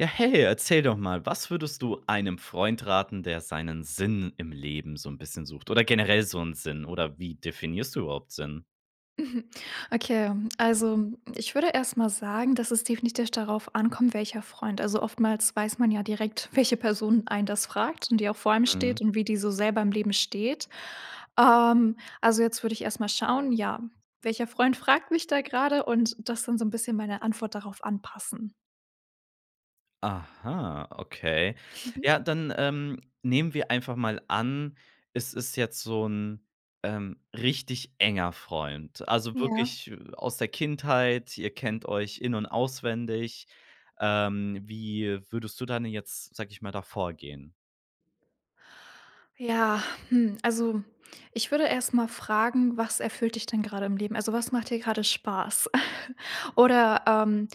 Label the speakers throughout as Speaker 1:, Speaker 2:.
Speaker 1: Ja, hey, erzähl doch mal, was würdest du einem Freund raten, der seinen Sinn im Leben so 'n bisschen sucht oder generell so 'n Sinn oder wie definierst du überhaupt Sinn?
Speaker 2: Mhm, okay, also, ich würde erst mal sagen, dass es definitiv darauf ankommt, welcher Freund. Also, oftmals weiß man ja direkt, welche Person einen das fragt und die auch vor einem
Speaker 1: Mhm.
Speaker 2: steht und wie die so selber im Leben steht. Ähm, also, jetzt würde ich erst mal schauen, ja, welcher Freund fragt mich da grade und das dann so 'n bisschen meine Antwort darauf anpassen.
Speaker 1: Aha, okay.
Speaker 2: Mhm.
Speaker 1: Ja, dann, ähm, nehmen wir einfach mal an, es ist jetzt so 'n, ähm, richtig enger Freund. Also,
Speaker 2: Ja.
Speaker 1: wirklich, äh, aus der Kindheit. Ihr kennt euch in und auswendig. Ähm, wie würdest du dann jetzt, sage ich mal, da vorgehen?
Speaker 2: Ja, hm, also, ich würde erst mal fragen: „Was erfüllt dich denn grade im Leben? Also, was macht dir gerade Spaß?“ oder, ähm: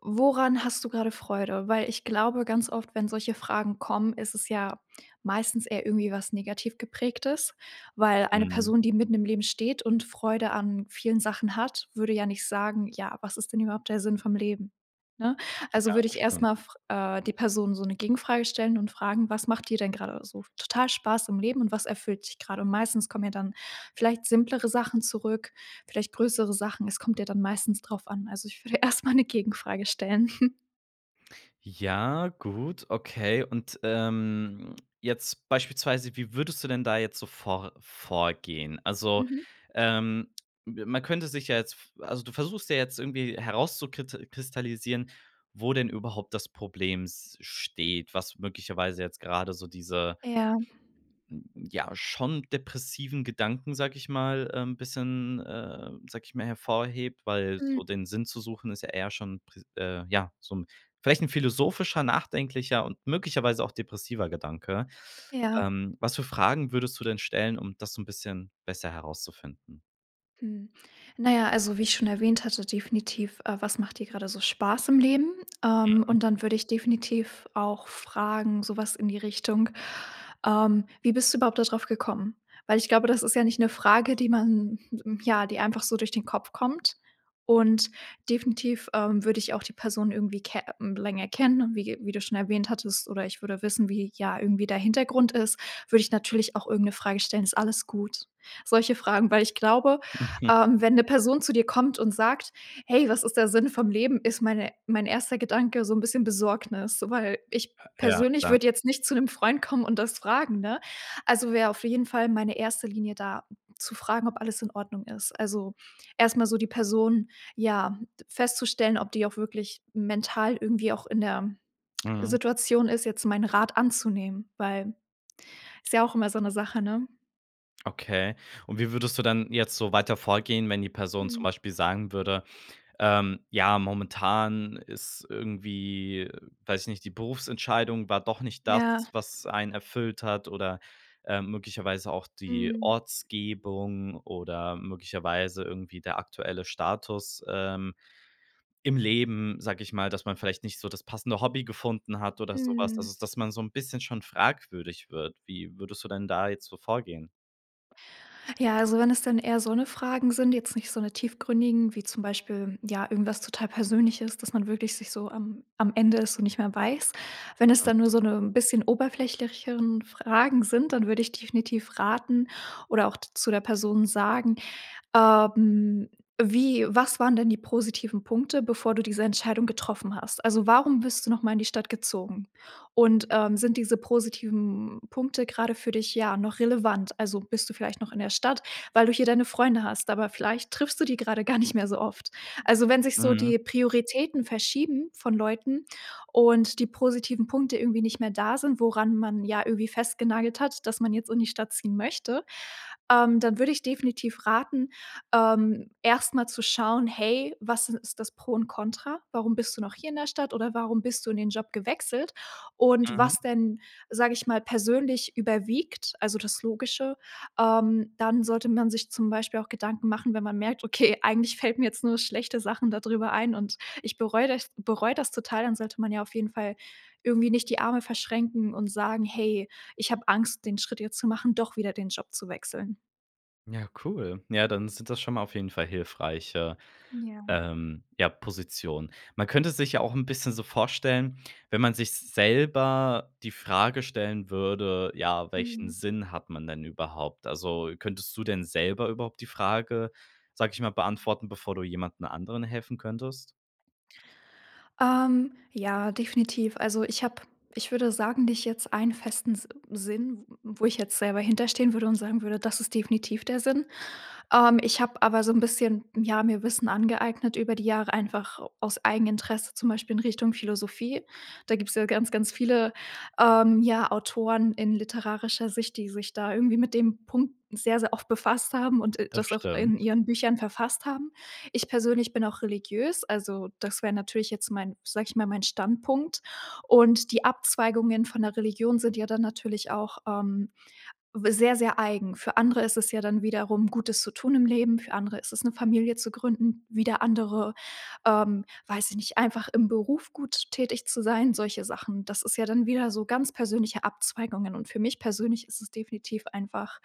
Speaker 2: „Woran hast du grade Freude?“ Weil ich glaube, ganz oft, wenn solche Fragen kommen, ist es ja meistens eher irgendwie was negativ geprägtes, weil eine
Speaker 1: Mhm.
Speaker 2: Person, die mitten im Leben steht und Freude an vielen Sachen hat, würde ja nicht sagen: „Ja, was ist denn überhaupt der Sinn vom Leben,“ ne?
Speaker 1: Ja,
Speaker 2: Also, würde
Speaker 1: das
Speaker 2: ich erst
Speaker 1: stimmt.
Speaker 2: mal fr äh, die Person so 'ne Gegenfrage stellen und fragen: „Was macht dir denn grade so total Spaß im Leben und was erfüllt dich grad?“ Und meistens kommen ja dann vielleicht simplere Sachen zurück, vielleicht größere Sachen. Es kommt ja dann meistens drauf an. Also, ich würde erst mal 'ne Gegenfrage stellen.
Speaker 1: Ja, gut, okay. Und, ähm, jetzt beispielsweise, wie würdest du denn da jetzt so vor vorgehen? Also,
Speaker 2: Mhm.
Speaker 1: ähm, be man könnte sich ja jetzt v also, du versuchst ja jetzt irgendwie herauszukit kristallisieren, wo denn überhaupt das Problem s steht, was möglicherweise jetzt gerade so diese,
Speaker 2: Ja.
Speaker 1: ja, schon depressiven Gedanken, sage ich mal, ähm, bisschen, äh, sage ich mal, hervorhebt. Weil
Speaker 2: Mhm.
Speaker 1: so den Sinn zu suchen ist ja eher schon pr äh, ja, so 'n vielleicht 'n philosophischer, nachdenklicher und möglicherweise auch depressiver Gedanke.
Speaker 2: Ja.
Speaker 1: Ähm, was für Fragen würdest du denn stellen, um das so 'n bisschen besser herauszufinden?
Speaker 2: Hm, na ja, also, wie ich schon erwähnt hatte definitiv, äh: „Was macht dir gerade so Spaß im Leben?“ Ähm,
Speaker 1: [unintelligible]
Speaker 2: und dann würde ich definitiv auch fragen so was in die Richtung, ähm: „Wie bist du überhaupt da drauf gekommen?“ Weil ich glaube, das ist ja nicht 'ne Frage, die man ja, die einfach so durch den Kopf kommt. Und definitiv, ähm, würde ich auch die Person irgendwie ke mhm, länger kennen und wie ge wie du schon erwähnt hattest oder ich würde wissen, wie ja irgendwie der Hintergrund ist, würde ich natürlich auch irgend 'ne Frage stellen: „Ist alles gut?“ Solche Fragen, weil ich glaube, ähm, wenn 'ne Person zu dir kommt und sagt: „Hey, was ist der Sinne vom Leben?“, ist meine mein 1. Gedanke so 'n bisschen Besorgnis, weil ich
Speaker 1: Ja,
Speaker 2: persönlich
Speaker 1: klar.
Speaker 2: würde jetzt nicht zu 'nem Freund kommen und das fragen, ne? Also, wäre auf jeden Fall meine 1. Linie da zu fragen, ob alles in Ordnung ist. Also, erst mal so die Person ja, festzustellen, ob die auch wirklich mental irgendwie auch in der
Speaker 1: Mhm.
Speaker 2: Situation ist, jetzt meinen Rat anzunehmen, weil ist ja auch immer so 'ne Sache, ne?
Speaker 1: Okay. Und wie würdest du dann jetzt so weiter vorgehen, wenn die Person zum
Speaker 2: Hm.
Speaker 1: Beispiel sagen würde, ähm: „Ja, momentan ist irgendwie weiß ich nicht, die Berufsentscheidung war doch nicht das,
Speaker 2: Ja.
Speaker 1: was einen erfüllt hat oder, ähm, möglicherweise auch die
Speaker 2: Mhm.
Speaker 1: Ortsgebung oder möglicherweise irgendwie der aktuelle Status, ähm im Leben“, sag ich mal, dass man vielleicht nicht so das passende Hobby gefunden hat oder so was,
Speaker 2: Hm.
Speaker 1: also dass man so 'n bisschen schon fragwürdig wird. Wie würdest du denn da jetzt so vorgehen?
Speaker 2: Ja, also wenn es dann eher so 'ne Fragen sind, jetzt nicht so 'ne tiefgründigen, wie zum Beispiel, ja irgendwas total Persönliches, dass man wirklich sich so am am Ende es so nicht mehr weiß. Wenn es dann nur so 'ne bisschen oberflächigere Fragen sind, dann würde ich definitiv raten oder auch zu der Person sagen: „Ähm, wie was waren denn die positiven Punkte, bevor du diese Entscheidung getroffen hast? Also warum bist du noch mal in die Stadt gezogen? Und, ähm, sind diese positiven Punkte grade für dich, ja noch relevant? Also bist du vielleicht noch in der Stadt, weil du hier deine Freunde hast, aber vielleicht triffst du die grade gar nicht mehr so oft" Also wenn sich so
Speaker 1: Mhm.
Speaker 2: die Prioritäten verschieben von Leuten und die positiven Punkte irgendwie nicht mehr da sind, woran man ja irgendwie festgenagelt hat, dass man jetzt in die Stadt ziehen möchte, ähm, dann würde ich definitiv raten, ähm, erst mal zu schauen: „Hey, was is ist das Pro und Contra? Warum bist du noch hier in der Stadt oder warum bist du in den Job gewechselt?“ Und
Speaker 1: Mhm.
Speaker 2: was denn, sage ich mal, persönlich überwiegt also das Logische, ähm, dann sollte man sich zum Beispiel auch Gedanken machen, wenn man merkt: „Okay, eigentlich fällt mir jetzt nur schlechte Sachen da drüber ein und ich bereue das bereue das total.“, dann sollte man ja auf jeden Fall irgendwie nicht die Arme verschränken und sagen: „Hey, ich habe Angst, den Schritt jetzt zu machen, doch wieder den Job zu wechseln.“
Speaker 1: Ja, cool. Ja, dann sind das schon mal auf jeden Fall hilfreiche,
Speaker 2: Ja.
Speaker 1: ähm, ja, Positionen. Man könnte es sich ja auch 'n bisschen so vorstellen, wenn man sich selber die Frage stellen würde, ja, welchen
Speaker 2: Mhm.
Speaker 1: Sinn hat man denn überhaupt? Also, könntest du denn selber überhaupt die Frage, sage ich mal, beantworten, bevor du jemanden anderen helfen könntest?
Speaker 2: Ähm, ja, definitiv. Also, ich habe, ich würde sagen, nicht jetzt einen festen S Sinn, w wo ich jetzt selber hinter stehen würde und sagen würde: „Das ist definitiv der Sinn.“ Ähm, ich habe aber so 'n bisschen, ja, mir Wissen angeeignet über die Jahre einfach aus Eigeninteresse, zum Beispiel in Richtung Philosophie. Da gibt's ja ganz, ganz viele, ähm, ja, Autoren in literarischer Sicht, die sich da irgendwie mit dem Punkt sehr, sehr oft befasst haben und, äh,
Speaker 1: Das
Speaker 2: das auch in
Speaker 1: stimmt.
Speaker 2: ihren Büchern verfasst haben. Ich persönlich bin auch religiös, also, das wäre natürlich jetzt mein sag ich mal, mein Standpunkt, und die Abzweigungen von der Religion sind ja dann natürlich auch, ähm, w sehr, sehr eigen. Für andere ist es ja dann wiederum Gutes zu tun im Leben. Für andere ist es 'ne Familie zu gründen, wieder andere, ähm, weiß ich nicht, einfach im Beruf gut tätig zu sein, solche Sachen. Das ist ja dann wieder so ganz persönliche Abzweigungen, und für mich persönlich ist es definitiv einfach,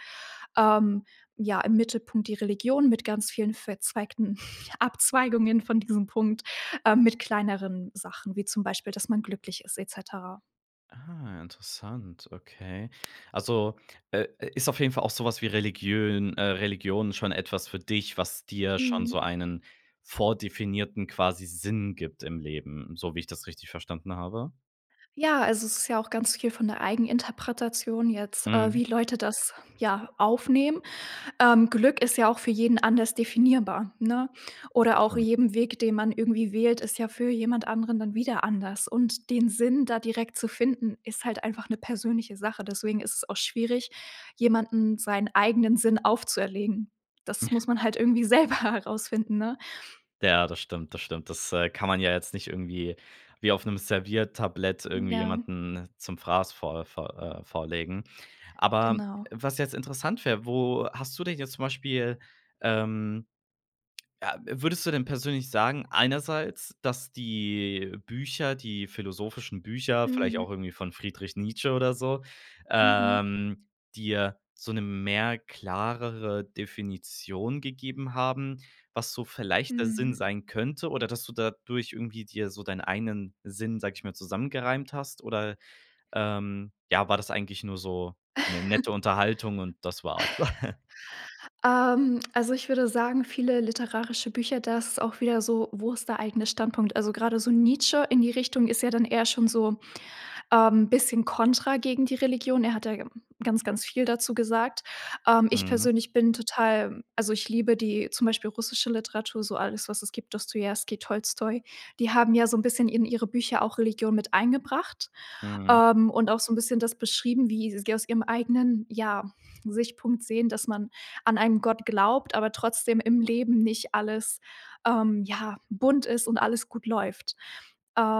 Speaker 2: ähm, ja, im Mittelpunkt die Religion mit ganz vielen verzweigten Abzweigungen von diesem Punkt, ähm, mit kleineren Sachen, wie zum Beispiel, dass man glücklich ist et cetera.
Speaker 1: Ah, interessant, okay. Also, äh, i ist auf jeden Fall auch so was wie Religiön äh, Religion schon etwas für dich, was dir schon so
Speaker 2: Mhm.
Speaker 1: einen vordefinierten quasi Sinn gibt im Leben, so wie ich das richtig verstanden habe?
Speaker 2: Ja, also es ist ja auch ganz viel von der Eigeninterpretation jetzt, äh,
Speaker 1: Mhm.
Speaker 2: wie Leute das, ja, aufnehmen. Ähm, Glück ist ja auch für jeden anders definierbar, ne? Oder auch
Speaker 1: Stimmt.
Speaker 2: jeden Weg, den man irgendwie wählt, ist ja für jemand anderen dann wieder anders und den Sinn da direkt zu finden, ist halt einfach 'ne persönliche Sache, deswegen ist es auch schwierig, jemanden seinen eigenen Sinn aufzuerlegen. Das muss man halt irgendwie selber herausfinden, ne?
Speaker 1: Ja, das stimmt, das stimmt. Das, äh, kann man ja jetzt nicht irgendwie wie auf 'nem Serviertablett irgendwie
Speaker 2: Ja.
Speaker 1: jemanden zum Fraß vor vor äh, vorlegen. Aber
Speaker 2: Genau.
Speaker 1: was jetzt interessant wär, wo hast du dich jetzt zum Beispiel, ähm ja würdest du denn persönlich sagen einerseits, dass die Bücher, die philosophischen Bücher, vielleicht auch
Speaker 2: Mhm.
Speaker 1: irgendwie von „Friedrich Nietzsche“ oder so,
Speaker 2: Mhm.
Speaker 1: ähm, dir so 'ne mehr klarere Definition gegeben haben, was so vielleicht der Sinn
Speaker 2: Mmh.
Speaker 1: sein könnte oder, dass du dadurch irgendwie dir so dein einen Sinn, sage ich mal, zusammengereimt hast oder, ähm, ja, war das eigentlich nur so 'ne nette Unterhaltung und das war's?
Speaker 2: Ähm, also ich würde sagen viele literarische Bücher, da ist auch wieder so: Wo ist der eigene Standpunkt. Also gerade so „Nietzsche“ in die Richtung ist ja dann eher schon so, ähm, bisschen Kontra gegen die Religion. Er hat da ganz ganz viel dazu gesagt. Ähm, ich
Speaker 1: Mhm.
Speaker 2: persönlich bin total also ich liebe die zum Beispiel russische Literatur, so alles was es gibt, „Dostojewski“, „Tolstoj“, die haben ja so 'n bisschen in ihre Bücher auch Religion mit eingebracht,
Speaker 1: Mhm.
Speaker 2: ähm, und auch so 'n bisschen das beschrieben, wie sie aus ihrem eigenen, ja, Sichtpunkt sehen, dass man an einen Gott glaubt, aber trotzdem im Leben nicht alles, ähm, ja, bunt ist und alles gut läuft.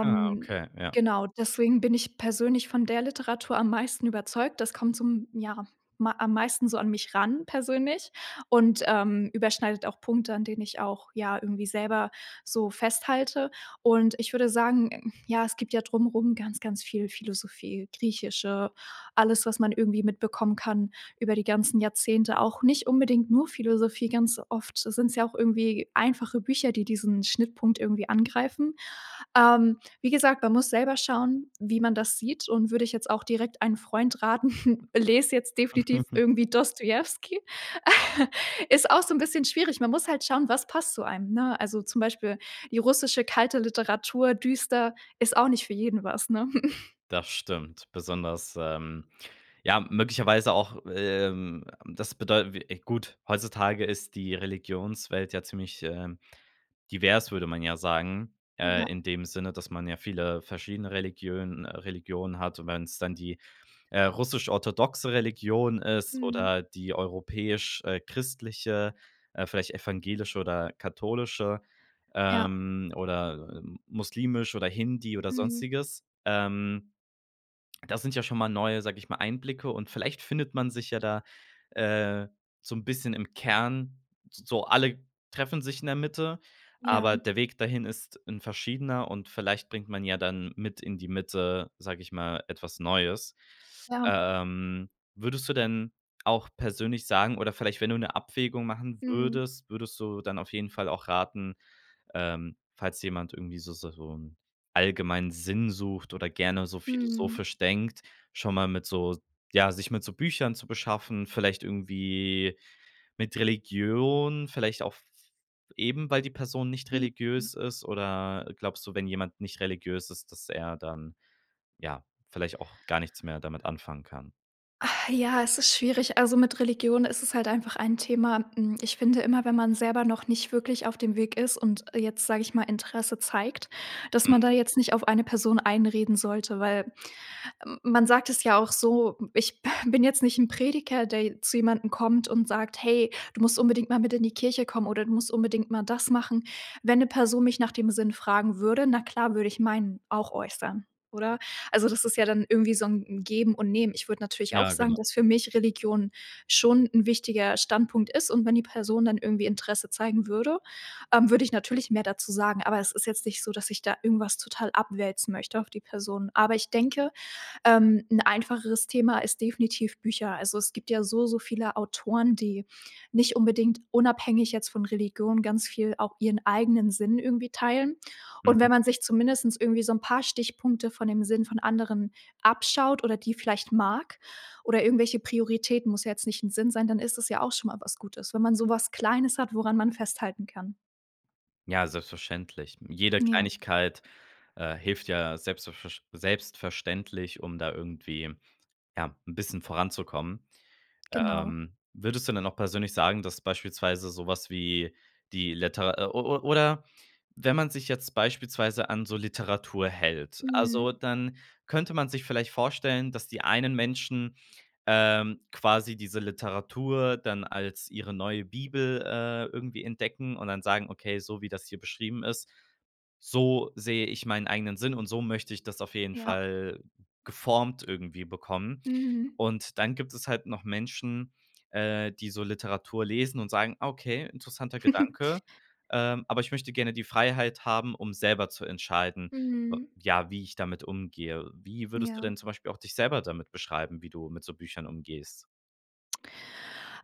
Speaker 1: Ah, okay. Ja.
Speaker 2: genau, deswegen bin ich persönlich von der Literatur am meisten überzeugt. Das kommt zum, ja, ma am meisten so an mich ran persönlich und, ähm, überschneidet auch Punkte, an denen ich auch, ja, irgendwie selber so festhalte und ich würde sagen, hm, ja, es gibt ja drum rum ganz ganz viel Philosophie, griechische, alles, was man irgendwie mitbekommen kann über die ganzen Jahrzehnte, auch nicht unbedingt nur Philosophie, ganz oft s sind's ja auch irgendwie einfache Bücher, die diesen Schnittpunkt irgendwie angreifen. Ähm, wie gesagt, man muss selber schauen, wie man das sieht und würde ich jetzt auch direkt einen Freund raten, les jetzt definitiv irgendwie „Dostjewski.“ Ist auch so 'n bisschen schwierig. Man muss halt schauen: Was passt zu einem, ne? Also, zum Beispiel die russische kalte Literatur düster, ist auch nicht für jeden was, ne?
Speaker 1: Das stimmt besonders, ähm ja, möglicherweise auch, ähm, das bedeutet w gut, heutzutage ist die Religionswelt ja ziemlich, ähm, divers, würde man ja sagen, äh,
Speaker 2: Ja.
Speaker 1: in dem Sinne, dass man ja viele verschiedene Religiönen äh, Religionen hat. Und wenn's dann die, äh, russisch-orthodoxe Religion ist
Speaker 2: Mhm.
Speaker 1: oder die europäisch äh, christliche, äh, vielleicht evangelische oder katholische,
Speaker 2: Ja.
Speaker 1: ähm, oder, ähm, muslimisch oder Hindi oder
Speaker 2: Mhm.
Speaker 1: sonstiges. Ähm, das sind ja schon mal neue, sage ich mal, Einblicke und vielleicht findet man sich ja da, äh, so 'n bisschen im Kern, s so, alle treffen sich in der Mitte,
Speaker 2: Ja.
Speaker 1: aber der Weg dahin ist 'n verschiedener und vielleicht bringt man ja dann mit in die Mitte, sage ich mal, etwas Neues.
Speaker 2: Ja.
Speaker 1: Ähm, würdest du denn auch persönlich sagen oder vielleicht, wenn du 'ne Abwägung machen
Speaker 2: Mhm.
Speaker 1: würdest, würdest du dann auf jeden Fall auch raten, ähm, falls jemand irgendwie so so so 'n allgemeinen Sinn sucht oder gerne so
Speaker 2: Mhm.
Speaker 1: philosophisch denkt, schon mal mit so ja, sich mit so Büchern zu beschaffen, vielleicht irgendwie mit Religion, vielleicht auch f f eben, weil die Person nicht
Speaker 2: Mhm.
Speaker 1: religiös ist oder glaubst du, wenn jemand nicht religiös ist, dass er dann, ja, vielleicht auch gar nichts mehr damit anfangen kann?
Speaker 2: Ah, ja, es ist schwierig. Also mit Religion ist es halt einfach ein Thema. Hm, ich finde immer, wenn man selber noch nicht wirklich auf dem Weg ist und jetzt sage ich mal Interesse zeigt, dass man da
Speaker 1: Mhm.
Speaker 2: jetzt nicht auf eine Person einreden sollte, weil m man sagt es ja auch so, ich bin jetzt nicht 'n Prediger, der je zu jemandem kommt und sagt: „Hey, du musst unbedingt mal mit in die Kirche kommen oder du musst unbedingt mal das machen.“ Wenn 'ne Person mich nach dem Sinn fragen würde, na klar, würde ich meinen auch äußern, oder? Also, das ist ja dann irgendwie so 'n 'n Geben und Nehmen. Ich würde natürlich auch
Speaker 1: Ja,
Speaker 2: sagen,
Speaker 1: genau.
Speaker 2: dass für mich Religion schon 'n wichtiger Standpunkt ist und wenn die Person dann irgendwie Interesse zeigen würde, ähm, würde ich natürlich mehr dazu sagen, aber es ist jetzt nicht so, dass ich da irgendwas total abwälzen möchte auf die Person. Aber ich denke, ähm, 'n einfacheres Thema ist definitiv Bücher. Also, es gibt ja so so viele Autoren, die nicht unbedingt unabhängig jetzt von Religion ganz viel auch ihren eigenen Sinn irgendwie teilen. Und
Speaker 1: Mhm.
Speaker 2: wenn man sich zumindest irgendwie so 'n paar Stichpunkte von dem Sinn von anderen abschaut oder die vielleicht mag oder irgendwelche Prioritäten, muss ja jetzt nicht 'n Sinn sein, dann ist es ja auch schon mal was Gutes. Wenn man so was Kleines hat, woran man festhalten kann.
Speaker 1: Ja, selbstverständlich. Jede
Speaker 2: Ja.
Speaker 1: Kleinigkeit, äh, hilft ja selbstv versch selbstverständlich, um da irgendwie, ja, 'n bisschen voranzukommen.
Speaker 2: Genau.
Speaker 1: Ähm, würdest du denn auch persönlich sagen, dass beispielsweise so was wie die Liter o o oder wenn man sich jetzt beispielsweise an so Literatur hält, also,
Speaker 2: Mhm.
Speaker 1: dann könnte man sich vielleicht vorstellen, dass die einen Menschen, ähm, quasi diese Literatur dann als ihre neue Bibel, äh, irgendwie entdecken und dann sagen: „Okay, so wie das hier beschrieben ist, so sehe ich meinen eigenen Sinn und so möchte ich das auf jeden
Speaker 2: Ja.
Speaker 1: Fall geformt irgendwie bekommen.“
Speaker 2: Mhm.
Speaker 1: Und dann gibt es halt noch Menschen, äh, die so Literatur lesen und sagen: „Okay, interessanter Gedanke, ähm, aber ich möchte gerne die Freiheit haben, um selber zu entscheiden, w
Speaker 2: Mhm.
Speaker 1: ja, wie ich damit umgehe.“ Wie würdest du
Speaker 2: Ja.
Speaker 1: denn zum Beispiel auch dich selber damit beschreiben, wie du mit so Büchern umgehst?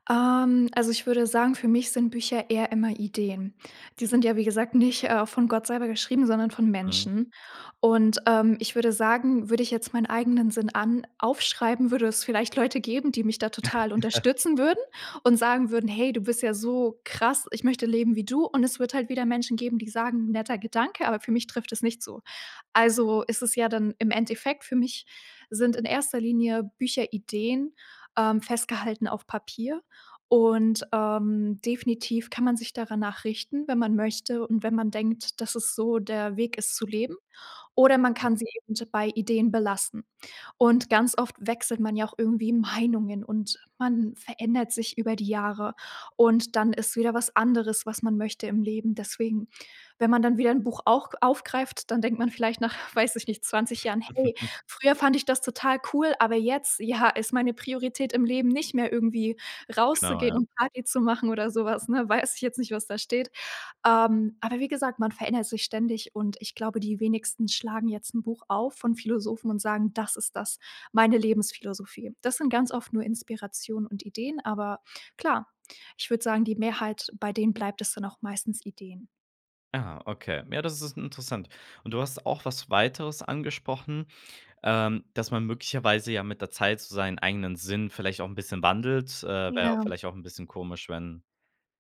Speaker 2: Ähm, also, ich würde sagen, für mich sind Bücher eher immer Ideen. Die sind ja, wie gesagt, nicht, äh, von Gott selber geschrieben, sondern von
Speaker 1: Mhm.
Speaker 2: Menschen. Und, ähm, ich würde sagen, würde ich jetzt meinen eigenen Sinn an aufschreiben, würde es vielleicht Leute geben, die mich da total unterstützen würden und sagen würden: „Hey, du bist ja so krass, ich möchte leben wie du.“ Und es wird halt wieder Menschen geben, die sagen:„ Netter Gedanke, aber für mich trifft es nicht zu.“ Also ist es ja dann im Endeffekt für mich sind in 1. Linie Bücher Ideen, ähm, festgehalten auf Papier. Und, ähm, definitiv kann man sich dara nach richten, wenn man möchte und wenn man denkt, dass es so der Weg ist zu leben oder man
Speaker 1: Mhm.
Speaker 2: kann sie eben bei Ideen belassen. Und ganz oft wechselt man ja auch irgendwie Meinungen und man verändert sich über die Jahre und dann ist wieder was anderes, was man möchte im Leben. Deswegen, wenn man dann wieder 'n Buch auch aufgreift, dann denkt man vielleicht nach, weiß ich nicht, 20 Jahren: „Hey, früher fand ich das total cool, aber jetzt, ja, ist meine Priorität im Leben nicht mehr, irgendwie,
Speaker 1: Genau,
Speaker 2: rauszugehen
Speaker 1: ja.
Speaker 2: und Party zu machen oder so was,“ ne? Weiß ich jetzt nicht, was da steht. Ähm, aber wie gesagt, man verändert sich ständig und ich glaube, die wenigsten schlagen jetzt 'n Buch auf von Philosophen und sagen: „Das ist das meine Lebensphilosophie.“ Das sind ganz oft nur Inspirationen und Ideen, aber klar, ich würde sagen, die Mehrheit, bei denen bleibt es dann auch meistens Ideen.
Speaker 1: Ah, okay. Ja, das ist in interessant. Und du hast auch was Weiteres angesprochen, ähm, dass man möglicherweise ja mit der Zeit so seinen eigenen Sinn vielleicht auch 'n bisschen wandelt. Äh, wäre ja
Speaker 2: Ja.
Speaker 1: vielleicht auch 'n bisschen komisch, wenn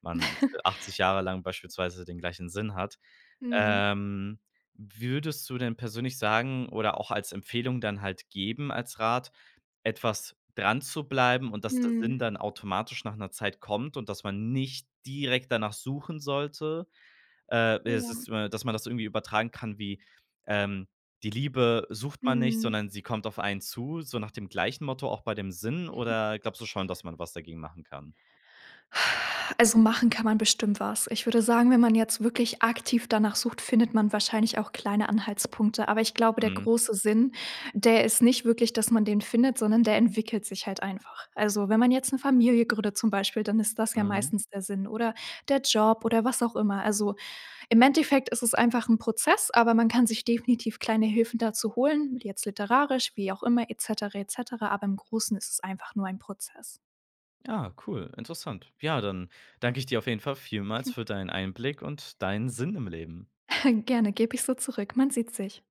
Speaker 1: man 80 Jahre lang beispielsweise den gleichen Sinn hat.
Speaker 2: Mhm.
Speaker 1: Ähm, wie würdest du denn persönlich sagen oder auch als Empfehlung dann halt geben, als Rat, etwas dranzubleiben und dass der
Speaker 2: Mhm.
Speaker 1: Sinn dann automatisch nach 'ner Zeit kommt und dass man nicht direkt danach suchen sollte? Äh, es
Speaker 2: [unintelligible]
Speaker 1: ist, äh dass man das irgendwie übertragen kann wie, ähm, „die Liebe sucht man nicht,
Speaker 2: Mhm.
Speaker 1: sondern sie kommt auf einen zu,“ so nach dem gleichen Motto auch bei dem Sinn? Oder glaubst du schon, dass man was dagegen machen kann?
Speaker 2: Also machen kann man bestimmt was. Ich würde sagen, wenn man jetzt wirklich aktiv danach sucht, findet man wahrscheinlich auch kleine Anhaltspunkte. Aber ich glaube der
Speaker 1: Mhm.
Speaker 2: große Sinn, der ist nicht wirklich, dass man den findet, sondern der entwickelt sich halt einfach. Also wenn man jetzt 'ne Familie gründet zum Beispiel, dann ist das ja
Speaker 1: Mhm.
Speaker 2: meistens der Sinn oder der Job oder was auch immer. Also, im Endeffekt ist es einfach 'n Prozess, aber man kann sich definitiv kleine Hilfen dazu holen, jetzt literarisch, wie auch immer et cetera, et cetera. Aber im Großen ist es einfach nur ein Prozess.
Speaker 1: Ja, cool, interessant. Ja, dann danke ich dir auf jeden Fall vielmals für deinen Einblick und deinen Sinn im Leben.
Speaker 2: Gerne, gebe ich so zurück, man sieht sich.